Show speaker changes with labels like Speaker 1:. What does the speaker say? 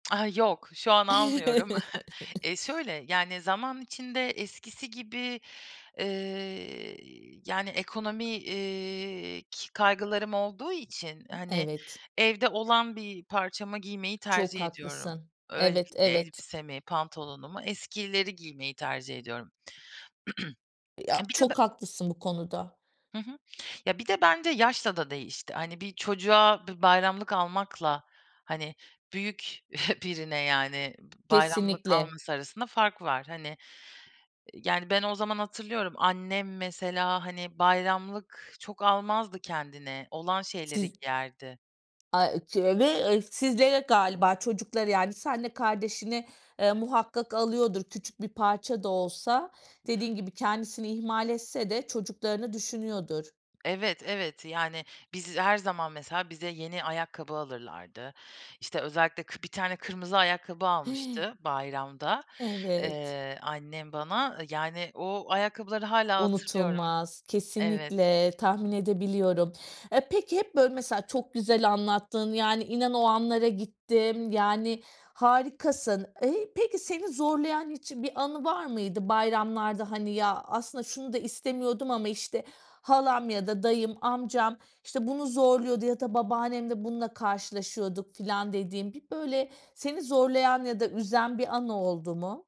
Speaker 1: Ah yok, şu an almıyorum. E, şöyle, yani zaman içinde, eskisi gibi, ııı, yani ekonomi, eee, ki kaygılarım olduğu için, hani,
Speaker 2: Evet.
Speaker 1: evde olan bir parçamı giymeyi
Speaker 2: Çok
Speaker 1: tercih ediyorum.
Speaker 2: haklısın.
Speaker 1: Öyle
Speaker 2: Evet,
Speaker 1: bir
Speaker 2: evet.
Speaker 1: elbisemi, pantolonumu, eskileri giymeyi, tercih ediyorum.
Speaker 2: Ya,
Speaker 1: Bir de ben
Speaker 2: çok haklısın bu konuda.
Speaker 1: Hı hı. Ya, bir de bence yaşla da değişti. Hani, bir çocuğa bir bayramlık almakla hani, büyük birine yani b bayramlık
Speaker 2: Kesinlikle.
Speaker 1: alması arasında fark var. Hani, ııı, yani ben o zaman hatırlıyorum; annem mesela hani, bayramlık çok almazdı kendine, olan şeyleri
Speaker 2: Siz
Speaker 1: giyerdi.
Speaker 2: Ay, ııı, çe ve eee, sizlere galiba çocuklara yani seninle kardeşine, eee, muhakkak alıyordur. Küçük bir parça da olsa, dediğin gibi kendisini ihmal etse de, çocuklarını düşünüyordur.
Speaker 1: Evet, evet. Yani, biz her zaman mesela, bize yeni ayakkabı alırlardı. İşte özellikle kı bir tane kırmızı ayakkabı
Speaker 2: Hi!
Speaker 1: almıştı, bayramda,
Speaker 2: Evet.
Speaker 1: eee, annem bana. Yani o ayakkabıları hâlâ hatırlıyorum.
Speaker 2: Unutulmaz,
Speaker 1: Evet.
Speaker 2: kesinlikle, tahmin edebiliyorum. Eee, peki hep böyle mesela, çok güzel anlattın. Yani, inan o anlara gittim. Yani, harikasın. Eee, peki, seni zorlayan hiç bir anı var mıydı, bayramlarda? Hani, ya aslında şunu da istemiyordum ama işte halam ya da dayım amcam işte bunu zorluyordu ya da babaannemle bununla karşılaşıyorduk filan dediğin, bir böyle seni zorlayan ya da üzen bir an oldu mu?